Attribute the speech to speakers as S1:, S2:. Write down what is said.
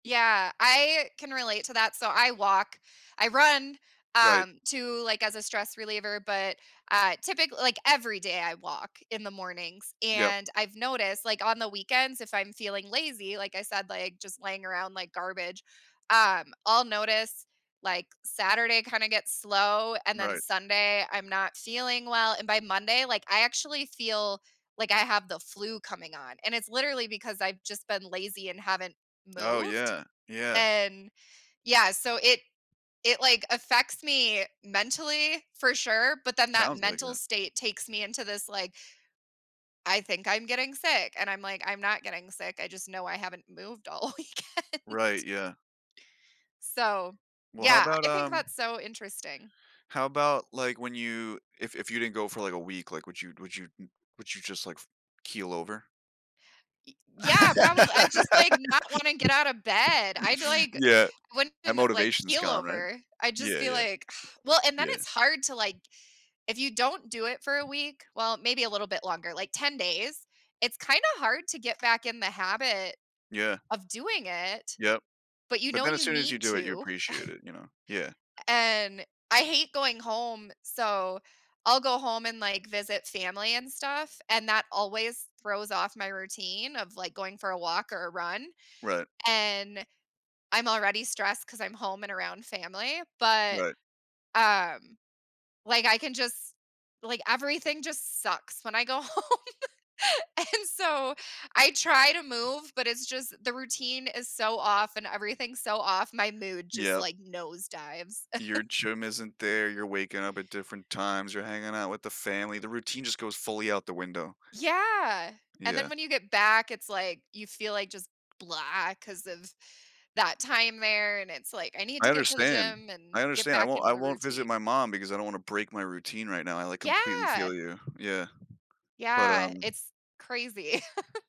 S1: Yeah, I can relate to that. So I walk, I run,
S2: Right.
S1: um, too, like, as a stress reliever, but, uh, typically, like, every day I walk in the mornings
S2: Yup.
S1: and I've noticed, like, on the weekends, if I'm feeling lazy, like, I said, like, just laying around like garbage. Um, I'll notice, like, Saturday kinda gets slow, and then
S2: Right.
S1: Sunday, I'm not feeling well, and by Monday, like, I actually feel, like, I have the flu coming on. And it's literally because I've just been lazy and haven't
S2: Oh,
S1: moved.
S2: yeah, yeah.
S1: And, yeah, so it it, like, affects me mentally, for sure, but, then that
S2: Sounds like
S1: mental
S2: it.
S1: state takes me into this, like I think I'm getting sick and I'm, like, I'm not getting sick. I just know I haven't moved all weekend.
S2: Right, yeah.
S1: So,
S2: Well, how
S1: yeah,
S2: about,
S1: I think
S2: um
S1: that's so interesting.
S2: How about, like, when you, if if you didn't go for like a week, like, would you, n would you would you just, like, keel over?
S1: Y yeah, probably. I just, like, not wanna get out of bed. I'd, like,
S2: Yeah,
S1: I
S2: that
S1: wouldn't, like,
S2: motivation is
S1: keel
S2: gone, right?
S1: over. I just
S2: Yeah,
S1: feel,
S2: yeah.
S1: like, well, and then
S2: Yeah.
S1: it's hard to, like, if you don't do it for a week, well, maybe a little bit longer, like, 10 days, it's kinda hard to get back in the habit
S2: Yeah.
S1: of doing it.
S2: Yup,
S1: But you
S2: but,
S1: know
S2: then as
S1: you
S2: soon as you
S1: need
S2: do it, you
S1: to.
S2: appreciate it, you know, yeah.
S1: And I hate going home, so I'll go home and, like, visit family and stuff, and that always throws off my routine of, like, going for a walk or a run,
S2: Right.
S1: and I'm already stressed 'cause I'm home and around family, but,
S2: Right.
S1: um, like, I can just, like, everything just sucks when I go home, and so I try to move, but it's just the routine is so off and everything's so off, my mood just,
S2: Yup.
S1: like, nosedives.
S2: Your gym isn't there, you're waking up at different times, you're hanging out with the family, the routine just goes fully out the window.
S1: Yeah. And
S2: Yeah.
S1: then when you get back, it's, like, you feel, like, just blah 'cause of that time there and it's, like, I need
S2: I
S1: to get to the
S2: understand,
S1: gym
S2: I
S1: and get
S2: understand. I
S1: back
S2: won't
S1: into
S2: I
S1: the
S2: won't visit
S1: routine.
S2: my mom because I don't wanna break my routine right now. I, like, completely
S1: Yeah.
S2: feel you, yeah, but,
S1: Yeah,
S2: um.
S1: it's crazy.